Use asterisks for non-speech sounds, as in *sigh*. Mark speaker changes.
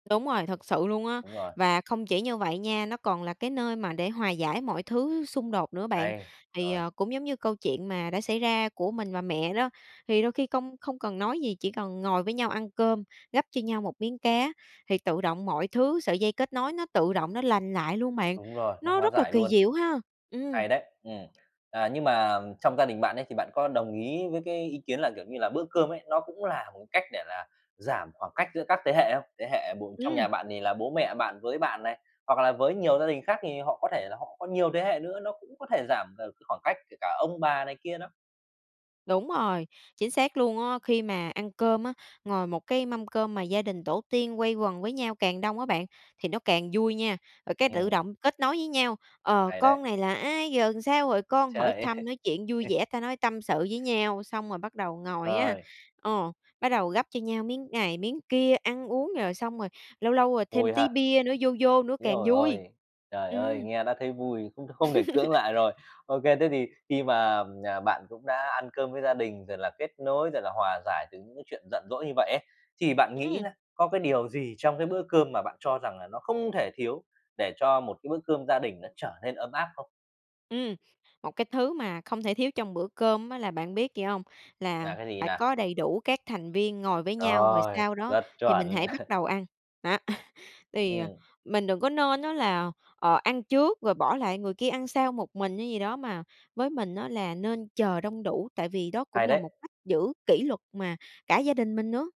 Speaker 1: Đúng rồi, thật sự luôn á,
Speaker 2: Đúng rồi.
Speaker 1: và không chỉ như vậy nha, nó còn là cái nơi mà để hòa giải mọi thứ xung đột nữa bạn.
Speaker 2: Hay.
Speaker 1: Thì,
Speaker 2: Rồi.
Speaker 1: à, cũng giống như câu chuyện mà đã xảy ra của mình và mẹ đó, thì đôi khi công không cần nói gì, chỉ cần ngồi với nhau ăn cơm, gắp cho nhau một miếng cá, thì tự động mọi thứ, sợi dây kết nối nó tự động nó lành lại luôn bạn.
Speaker 2: Đúng rồi, nó
Speaker 1: Nó
Speaker 2: hóa
Speaker 1: rất là
Speaker 2: giải
Speaker 1: kỳ
Speaker 2: luôn.
Speaker 1: diệu ha! Ừm.
Speaker 2: Hay đấy. Ừm. À, nhưng mà trong gia đình bạn ấy thì bạn có đồng ý với cái ý kiến là, kiểu như là, bữa cơm ấy, nó cũng là một cách để là giảm khoảng cách giữa các thế hệ không? Thế hệ b trong
Speaker 1: Ừm.
Speaker 2: nhà bạn thì là bố mẹ bạn với bạn này, hoặc là với nhiều gia đình khác thì họ có thể là họ có nhiều thế hệ nữa, nó cũng có thể giảm được khoảng cách, kể cả ông bà này kia đó.
Speaker 1: Đúng rồi, chính xác luôn á. Khi mà ăn cơm á, ngồi một cái mâm cơm mà gia đình tổ tiên quay quần với nhau càng đông á bạn, thì nó càng vui nha, rồi cái tự
Speaker 2: Ừm.
Speaker 1: động kết nối với nhau, ờ,
Speaker 2: Hay đấy.
Speaker 1: "Con này là ai? Giờ làm sao rồi con?" Hỏi
Speaker 2: Trời
Speaker 1: thăm, nói chuyện vui
Speaker 2: ơi.
Speaker 1: vẻ, ta nói tâm sự với nhau, xong rồi bắt đầu ngồi á,
Speaker 2: Rồi.
Speaker 1: ờ, bắt đầu gắp cho nhau miếng này, miếng kia, ăn uống, rồi xong rồi lâu lâu rồi thêm
Speaker 2: Vui
Speaker 1: tí
Speaker 2: ha.
Speaker 1: bia nữa, vô vô nữa
Speaker 2: Ối
Speaker 1: càng
Speaker 2: giời
Speaker 1: vui.
Speaker 2: ơi. Trời ơi,
Speaker 1: Ừm.
Speaker 2: nghe đã thấy vui, cũng không thể cưỡng lại
Speaker 1: *chuckles*
Speaker 2: rồi. OK, thế thì khi mà, à, bạn cũng đã ăn cơm với gia đình, rồi là kết nối, rồi là hòa giải từ những cái chuyện giận dỗi như vậy ấy, thì bạn nghĩ
Speaker 1: Ừm.
Speaker 2: là có cái điều gì trong cái bữa cơm mà bạn cho rằng là nó không thể thiếu để cho một cái bữa cơm gia đình nó trở nên ấm áp không?
Speaker 1: Ừm. Một cái thứ mà không thể thiếu trong bữa cơm á là bạn biết gì hông? Là
Speaker 2: Là cái gì
Speaker 1: phải
Speaker 2: nè?
Speaker 1: có đầy đủ các thành viên ngồi với nhau, rồi
Speaker 2: Rồi,
Speaker 1: sau đó
Speaker 2: rất
Speaker 1: thì mình
Speaker 2: chuẩn.
Speaker 1: hãy bắt
Speaker 2: *chuckles*
Speaker 1: đầu ăn. Đó. *chuckles* Thì, ờ,
Speaker 2: Ừm.
Speaker 1: mình đừng có nên á là, ờ, ăn trước rồi bỏ lại người kia ăn sau một mình hay gì đó, mà với mình á là nên chờ đông đủ, tại vì đó cũng
Speaker 2: Hay
Speaker 1: là
Speaker 2: đấy.
Speaker 1: một cách giữ kỷ luật mà cả gia đình mình nữa.